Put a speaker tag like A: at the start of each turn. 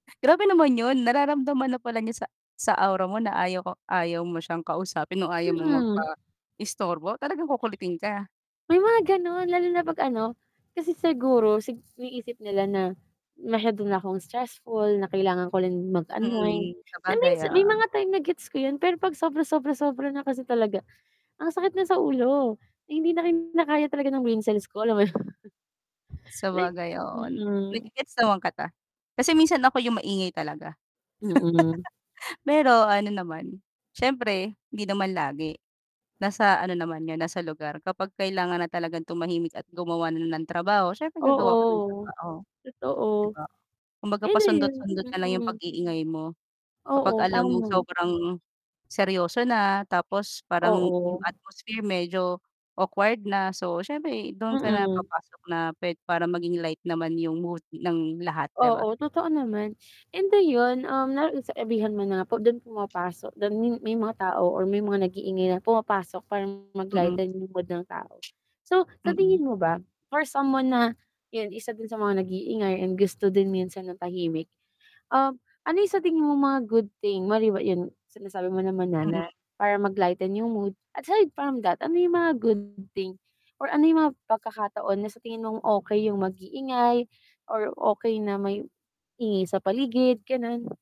A: Grabe naman 'yun nararamdaman na pala niya sa sa awra mo na ayaw ko ayaw mo siyang kausapin o ayaw mong
B: Mm.
A: magpaistorbo, talagang kukulitin ka?
B: May mga gano'n lalo na 'pag ano, kasi siguro sig iniisip nila na masyado na akong stressful, na kailangan ko rin mag-unwind,
A: Mm,
B: na
A: sabagay,
B: minsan may
A: oo.
B: mga time na gets ko 'yun pero pag sobra sobra sobra na kasi talaga, ang sakit na sa ulo, hindi na kinakaya talaga ng brain cells ko, alam mo naman like,
A: Sabagay oo, n na
B: mm.
A: ge-gets naman kita. Kasi minsan ako 'yung maingay talaga.
B: Mm.
A: Pero ano naman, siyempre hindi naman lagi. Nasa ano naman 'yan, nasa lugar, kapag kailangan na talagang tumahimik at gumawa na ng trabaho, siyempre gagawa ka ng
B: Oo,
A: trabaho 'di
B: totoo.
A: ba? Kumbaga
B: Ano 'yun?
A: pasundot-sundot na lang 'yung
B: Mm.
A: pag-iingay mo, kapag
B: Oo,
A: alam mong
B: tama.
A: sobrang seryoso na tapos parang 'yung
B: Oo.
A: atmosphere medyo awkward na, so siyempre dun ka na
B: Mm.
A: papasok na puwed para maging light naman 'yung mood ng lahat 'di ba?
B: Oo, totoo naman. And ayun, um, na sabi sabihan mo na dun pumapasok dun may mga tao or may mga nag-iingay na pumapasok para mag
A: Mm.
B: -lighten 'yung mood ng tao. So sa
A: Mm.
B: tingin mo ba, for someone na, 'yun isa din sa mga nag-iingay and gusto din minsan ng tahimik. Um, ano 'yung sa tingin mo mga good thing mali ba 'yun sinasabi mo naman na na
A: Mm.
B: para mag-lighten 'yung mood, aside from that ano 'yung mga good thing or ano 'yung mga pagkakataon na sa tingin mong okey 'yung mag-iingay or okey na may ingay sa paligid gano'n?